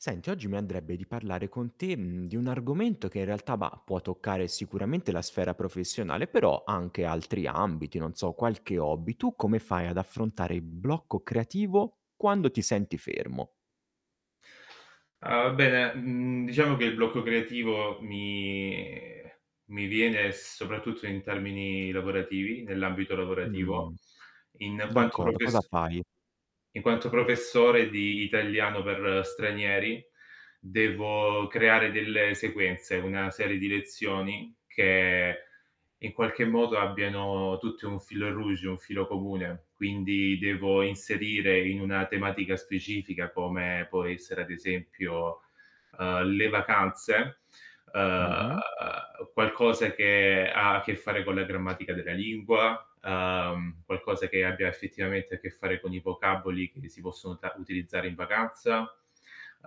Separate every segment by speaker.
Speaker 1: Senti, oggi mi andrebbe di parlare con te, mhmm, di un argomento che in realtà, bah, può toccare sicuramente la sfera professionale, però anche altri ambiti, non so qualche hobby. Tu come fai ad affrontare il blocco creativo quando ti senti fermo?
Speaker 2: Uhm, bene, mhmm, diciamo che il blocco creativo mi mi viene soprattutto in termini lavorativi, nell'ambito lavorativo,
Speaker 1: Mh.
Speaker 2: in quanto
Speaker 1: D'accord cosa
Speaker 2: profess
Speaker 1: fai?
Speaker 2: in quanto professore di italiano per stranieri, devo creare delle sequenze, una serie di lezioni che in qualche modo abbiano tutte un fil rouge, un filo comune. Quindi devo inserire in una tematica specifica, come può essere ad esempio, uhm, le vacanze, uhm,
Speaker 1: Mh-mh.
Speaker 2: qualcosa che ha a che fare con la grammatica della lingua, uhm, qualcosa che ha abbia effettivamente a che fare con i vocaboli che si possono ta utilizzare in vacanza.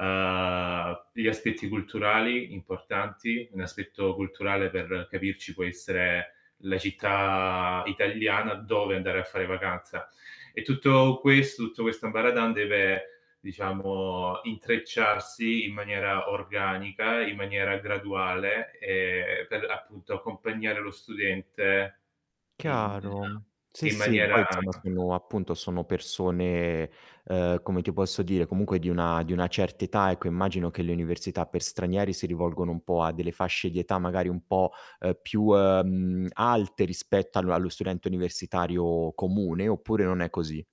Speaker 2: Uhm, gli aspetti culturali importanti, un aspetto culturale per capirci può essere la città italiana dove andare a fare vacanza. E tutto questo tutto questo ambaradan deve, diciamo, intrecciarsi in maniera organica, in maniera graduale, ehm, per appunto accompagnare lo studente in
Speaker 1: Chiaro. Sì,
Speaker 2: in
Speaker 1: sì, poi insomma,
Speaker 2: maniera
Speaker 1: sono appunto sono persone, uhm, come ti posso dire, comunque di una di una certa età, ecco. Immagino che le università per stranieri si rivolgano un po' a delle fasce di età magari un po', uhm, più, uhm, alte rispetto all allo studente universitario comune, oppure non è così?